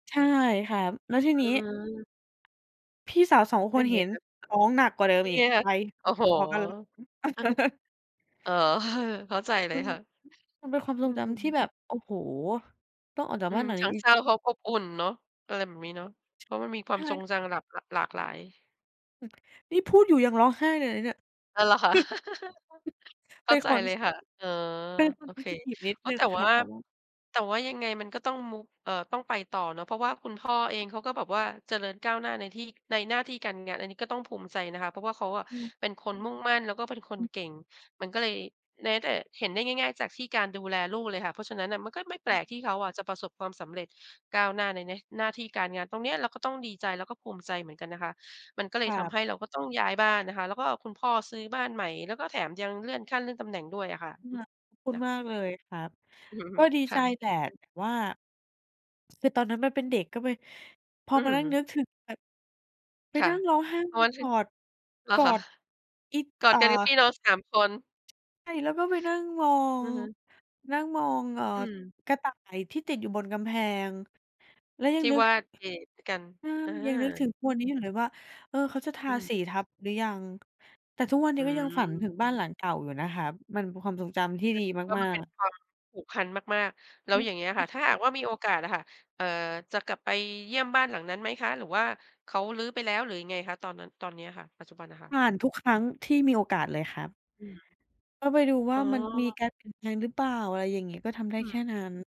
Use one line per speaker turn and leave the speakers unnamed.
ใช่ค่ะ แล้วที
อ
นี
ื
้
ม
พี่สาว 2
เ
ค
ป็
น
นไ
เห
ง
็น
คะ?
ร้องหนักกว่าเดิ
เป
ม
็น
อี
ไง
ก
ล่ะ?
ไป
โอ้โฮ!
พอ ๆ กันเลย
อะฮะ อ๋อ เข้าใจเล
อื
ย
อฮ
ค
ึ
่ะ
มันเป็นความท
อ
ร
ื
งจำที่
ม
แบบ โอ้โฮ! ต้องออกจา
อ
ก
ื
บ้าน
ม
หลัง
ท
น
ั
ี้
้ง
อี
เ
ก
ศร้าพร้อมอบ
อื
อุ
อ
่นเนาะ อะไรแบบนี้เนาะ
ช
เพราะมันมีคว
ใ
า
ช
มทรง
่
จังน่ะหลาก หลัก หลากหลาย
อือ นี่พูดอยู่ยังร้องไห้เลยนะเนี่ย
อ้าว เหรอคะ? เข
เป
้
็
า
น
ใจ
ความร
เ
ู
ล
้
ย
สึก
ค่ะ เออ
เป็นค
โอ
น เซ
เค
นซิทิฟ นิด
ก็
หนึ่
แ
ง
ต่
ค
ว
ร
่
ั
า
บ แต่ว่า
แต่ว่ายังไงมันก็ต้องมูฟ เอ่อ ต้องไปต่อเนาะ เพราะว่าคุณพ่อเอง เขาก็แบบว่าเจริญก้าวหน้าในที่ ในหน้าที่การงาน อันนี้ก็ต้องภูมิใจนะคะ เพราะว่าเขาอะ
อือ
เป็นคนมุ่งมั่น แล้วก็เป็นค
อ
น
ืม
เก่ง มันก็เลย แม้แต่เห็นได้ง่าย ๆ จากที่การดูแลลูกเลยค่ะ เพราะฉะนั้นน่ะ มันก็ไม่แป
อ
ล
ือ
กที่เขาอะ จะประสบความสำเร็จก้าวหน้าในแมช หน้าที่การงาน ตรงเนี้ยเราก็ต้องดีใจ แล้วก็ภูมิใจเหมือนกันนะคะ มันก็เล
ค
ย
รั
ท
บ
ำให้เราก็ต้องย้ายบ้านนะคะ แล้วก็คุณพ่อซื้อบ้านใหม่ แล้วก็แถมยังเลื่อนขั้นเลื่อนตำแหน่งด้วยอะค่ะ อือ
[unintelligible] ขอบคุ
เน
ณ
ี่ยค
ม
่ะ
ากเลยครับ ก็ดี
ค
ใ
่
จ
ะ
แต่
อือ
แต่ว่า คือตอนนั้นมันเป็นเด็กก็ไป พ
อ
อ
ือ
มา
อื้อ
นั่
ฮ
ง
ือ
นึกถึงไป ไป
ค่
น
ะ
ั่งร้องไห้
พ
อ
อ
ืม
ถ
ก
ึง
อด
เหร
ก
อ
อ
คะ?
ด อิ
กอ
อ
ด
่า
กันกับพี่น้อง 3 คน
ใช่ แล้วก็ไปนั่งมอ
อื
ง
อฮึ
นั่งมอง เอ่อ
อืม
กระต่ายที่ติดอยู่บนกำแพง แล้วยั
ท
ง
ี่
นึก
ว่าเกะกัน
อา
อ
ยังนึก
า
ถึงทุกวันนี้อยู่เลยว่า เออ เขาจะท
อื
าส
ม
ีทับหรือยัง? แต่ทุกวันน
อ
ี
ื
้ก็ยังฝัน
ม
ถึงบ้านหลังเก่าอยู่นะครับ มันเป็นความทรงจำที่
อื
ด
อ
ี
ก็
ม
มั
า
นเป็น
ก ๆ
ความผูกพันมาก ๆ แล้
อ
ว
ื
อย่างเ
อ
งี้ยอะค่ะ
[unintelligible]
ถ้าหากว่ามีโอกาสน่ะค่ะ เอ่อ จะกลับไปเยี่ยมบ้านหลังนั้นไหมคะ? หรือว่าเขารื้อไปแล้ว หรือยังไงคะ ตอนนั้น ตอนเนี้ยค่ะ ปัจจุบันนะค่ะ?
ผ่านทุกครั้งที่มีโอกาสเลยครับ
อืม
ก็ไปดูว
อ
่
๋
า มันมี
อ
การเปลี่ยนแปลงหรือเปล่า? อะไรอย่างงี้ ก็ทำได้
อื
แค่
ม
นั้น